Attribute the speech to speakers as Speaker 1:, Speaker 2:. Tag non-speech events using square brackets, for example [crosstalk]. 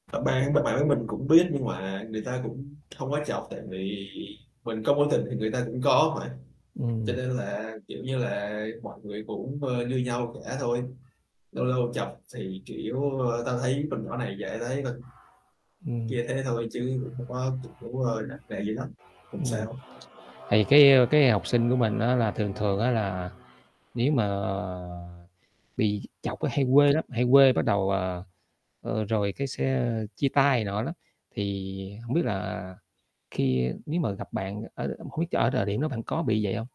Speaker 1: À, bạn b bạn với mình cũng biết nhưng mà người ta cũng hông có chọc, tại vì mình có mối tình thì người ta cũng có mà, cho
Speaker 2: Ừm.
Speaker 1: nên là, kiểu như là, mọi người cũng, ơ, như nhau cả thôi. Lâu lâu chọc thì, kiểu, ơ, tao thấy con nhỏ này dễ thấy [unintelligible]
Speaker 2: Ừm
Speaker 1: kia thế thôi chứ cũng không có cũng, ơ, [unintelligible] gì lắm, hông
Speaker 2: Ừm.
Speaker 1: sao.
Speaker 2: Thì cái cái học sinh của mình á là thường thường á là nếu mà bị chọc là hay quê lắm, hay quê bắt đầu à, ờ, rồi cái sẽ chia tay này nọ lắm, thì hổng biết là khi nếu mà gặp bạn ở không biết ch ở thời điểm đó bạn có bị vậy hông?